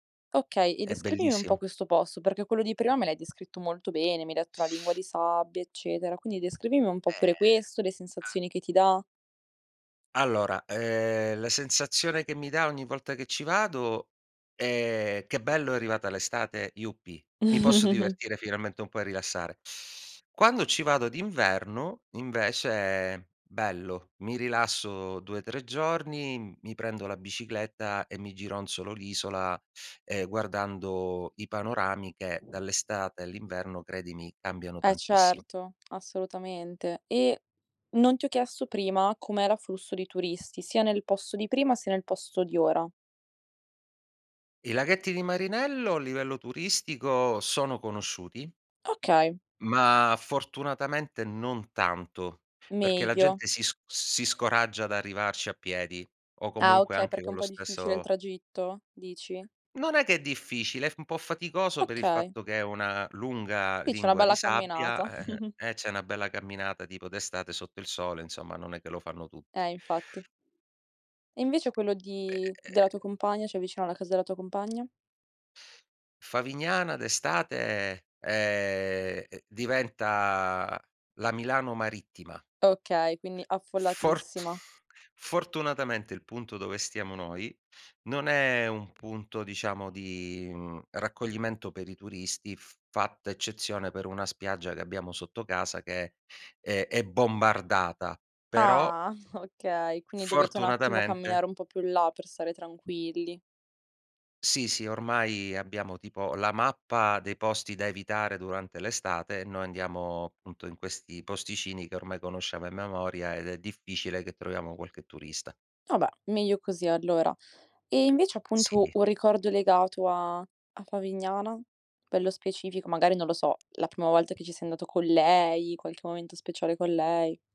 Okay, e È descrivimi un po' bellissimo. questo posto, perché quello di prima me l'hai descritto molto bene, mi hai detto la lingua di sabbia, eccetera. Quindi descrivimi un po' pure Ehm, questo, le ma sensazioni che ti dà. Allora, ehm, la sensazione che mi dà ogni volta che ci vado è: "Che bello è arrivata l'estate, yuppi. Mi posso divertire finalmente e un po' e rilassare." Quando ci vado d'inverno invece bello, mi rilasso 2, 3 giorni, mi prendo la bicicletta e mi gironsolo l'isola, ehm, guardando i panorami che dall'estate all'inverno, credimi, cambiano Eh tantissimo. certo, assolutamente. E, non ti ho chiesto prima com'e l'afflusso di turisti, sia nel posto di prima sia nel posto di ora. I laghetti di Marinello a livello turistico sono conosciuti Okay. ma fortunatamente non tanto, perché la Meglio. gente si sc si scoraggia ad arrivarci a piedi o Ah comunque okay, anche perché è un con lo po' difficile il stesso tragitto? Dici? Non è che è difficile, è f un po' faticoso per il Okay. fatto che è una lunga Qui c'è una lingua di bella sabbia camminata. e e eh c'è una bella camminata tipo d'estate sotto il sole, insomma, non è che lo fanno tutti. Eh infatti. E invece quello Beh. di della tua compagna, cioè vicino alla casa della tua compagna? Favignana d'estate, ehm, diventa la Milano marittima. Okay, quindi Fortu affollatissima. fortunatamente il punto dove stiamo noi non è un punto diciamo di, mhmm, raccoglimento per i turisti, f fatta eccezione per una spiaggia che abbiamo sotto casa che è è bombardata, però Ah, okay, quindi dovete un attimo fortunatamente camminare un po' più in là per stare tranquilli. Sì, sì, ormai abbiamo tipo la mappa dei posti da evitare durante l'estate e noi andiamo appunto in questi posticini che ormai conosciamo a memoria ed è difficile che troviamo qualche turista. Vabbè, meglio così allora. Ehm, invece appunto Sì. un ricordo legato a a Favignana? Pe lo specifico magari non lo so, la prima volta che ci sei andato con lei, qualche momento speciale con lei.